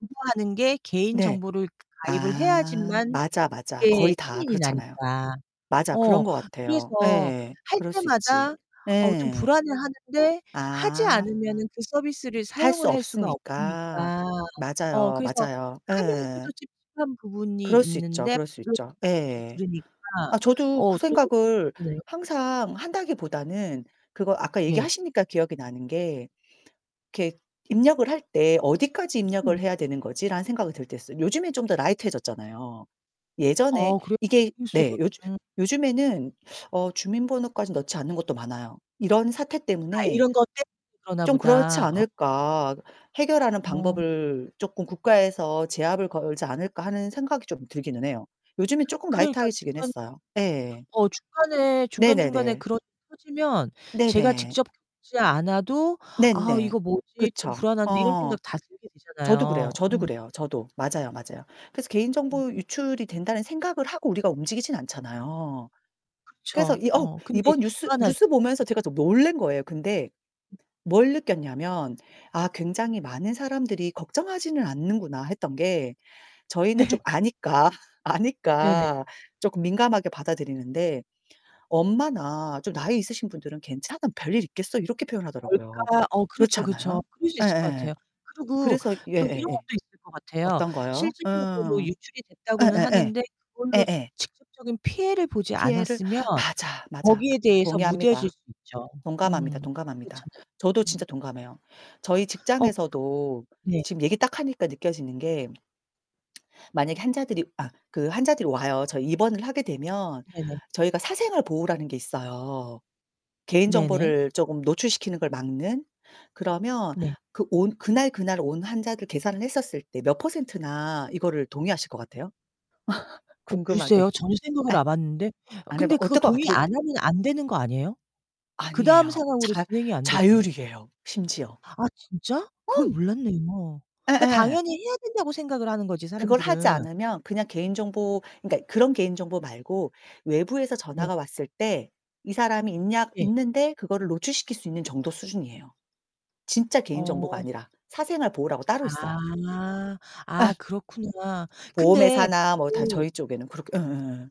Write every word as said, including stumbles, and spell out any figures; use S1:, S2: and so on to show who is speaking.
S1: [unintelligible] 하는 게
S2: 네.
S1: 개인정보를 가입을
S2: 아.
S1: 해야지만
S2: 맞아, 맞아.
S1: 이게
S2: 거의 다
S1: 승인이
S2: 그렇잖아요.
S1: 나니까.
S2: 맞아.
S1: 어.
S2: 그런 것 같아요.
S1: 그래서
S2: 예예.
S1: 할
S2: 그럴 수 있지.
S1: 때마다 어 좀
S2: 예.
S1: 불안해 하는데 하지
S2: 아.
S1: 않으면은 그 서비스를
S2: 할 수
S1: 사용을 할 수가
S2: 없으니까.
S1: 없으니까. 어
S2: 맞아요.
S1: 그래서
S2: 맞아요. 예.
S1: 하면서도 찝찝한 부분이
S2: 그럴 수 있죠,
S1: 있는데
S2: 그럴 수
S1: [unintelligible]
S2: 있죠. 예예.
S1: 들으니까.
S2: 아 저도
S1: 어
S2: 그
S1: 또
S2: 생각을
S1: 네.
S2: 항상 한다기보다는 그거 아까
S1: 예.
S2: 얘기하시니까 기억이 나는 게 이렇게 입력을 할 때 '어디까지 입력을
S1: 음.
S2: 해야 되는 거지?' 라는 생각이 들 때 있어요. 요즘엔 좀 더 라이트 해졌잖아요. 예전에
S1: 아
S2: 이게
S1: 그럴수도
S2: 네, 요즘
S1: [unintelligible]
S2: 요즘에는 어 주민번호까지 넣지 않는 곳도 많아요. 이런 사태
S1: 아
S2: 때문에
S1: 이런 것 때문에 그러나
S2: 좀 그렇지
S1: 보다. 어
S2: 않을까, 해결하는
S1: 어.
S2: 방법을 쪼끔 국가에서 제압을 걸지 않을까 하는 생각이 좀 들기는 해요. 요즘에 조금 라이트
S1: 그러니까
S2: 하게 지긴
S1: 중간
S2: 했어요. 예예.
S1: 어 중간에 중간 중간에
S2: 네네네.
S1: 그런 일이 터지면 제가
S2: 네네.
S1: 직접 겪지 않아도 '아,
S2: 네네.
S1: 이거 뭐지? 또
S2: 그쵸.
S1: 불안한데.' 이런
S2: 어.
S1: 생각 다 들게
S2: 저도 그래요,
S1: 되잖아요.
S2: 저도
S1: 음.
S2: 그래요, 저도. 맞아요, 맞아요. 그래서 개인
S1: 음.
S2: 정보 유출이 된다는 생각을 하고 우리가 움직이진 않잖아요. 그래서
S1: 그쵸.
S2: 이 어
S1: 어. 근데
S2: 이번
S1: 이제
S2: 뉴스
S1: 불안하지.
S2: 뉴스 보면서 제가 좀 놀랜 거예요. 근데 뭘 느꼈냐면 아 '굉장히 많은 사람들이 걱정하지는 않는구나.' 했던 게 저희는 좀
S1: 네.
S2: 아니까
S1: 네네.
S2: 아니까 조금 민감하게 받아들이는데. 엄마나 좀 나이 있으신 분들은 "괜찮아, 별일 있겠어." 이렇게 표현하더라고요.
S1: 뭘까. 어
S2: 그렇지
S1: 그렇죠, 그렇죠.
S2: 않아요?
S1: 그럴 수 있을 거
S2: 예예예.
S1: 같아요. 그리고
S2: 그래서
S1: 또 이런
S2: 예예예.
S1: 것도 있을 것 같아요.
S2: 어떤 거요?
S1: 실질적으로
S2: 어어.
S1: 유출이 됐다고는
S2: 예예예
S1: 하는데 그걸로
S2: 예예.
S1: 직접적인 피해를 보지
S2: 피해를?
S1: 않았으면
S2: 맞아, 맞아. 그
S1: 거기에 대해서 무뎌질
S2: 동의합니다.
S1: 수 있죠.
S2: 동감합니다,
S1: 음.
S2: 동감합니다.
S1: 그렇잖아요.
S2: 저도 진짜
S1: 음.
S2: 동감해요. 저희
S1: 어.
S2: 직장에서도
S1: 그 네.
S2: 지금 얘기 딱 하니까 느껴지는 게 만약에 환자들이 아 그 환자들이 와요. 저희 입원을 하게 되면
S1: 네네.
S2: 저희가 사생활 보호라는 게 있어요. 개인
S1: 네네.
S2: 정보를 쪼금 노출시키는 걸 막는. 그러면
S1: 네.
S2: 그 온 그날그날 온 환자들 계산을 했었을 때 몇 %나 이거를 동의하실 것 같아요?
S1: 어 글쎄요.
S2: 궁금하게.
S1: 전혀 생각을
S2: 예.
S1: 아봤는데
S2: 안 해봐
S1: 근데 그거
S2: 어떨 거
S1: 동의
S2: 같애 그
S1: 안 하면 안 되는 거 아니에요? 그다음
S2: 아니에요.
S1: 상황으로
S2: 자
S1: 진행이 안되잖아요.
S2: 자율이에요, 심지어.
S1: 아 진짜?
S2: 어.
S1: 그걸 몰랐네요. 그니까
S2: 예예.
S1: 당연히 해야 된다고 생각을 하는 거지,
S2: 그걸 하지
S1: 사람들은.
S2: 않으면 그냥 개인 정보 그니까 그런 개인 정보 말고 외부에서
S1: 네.
S2: 전화가 왔을 때 "이 사람이 있냐?
S1: 예.
S2: 있는데?" 그거를 노출시킬 수 있는 정도 수준이에요. 진짜 개인 정보가
S1: 어.
S2: 아니라 사생활 보호라고 따로 있어요.
S1: 아.
S2: 예.
S1: 아 그렇구나.
S2: 보험
S1: 근데
S2: 회사나 뭐 다
S1: 그
S2: 저희 쪽에는 그렇게 예예예.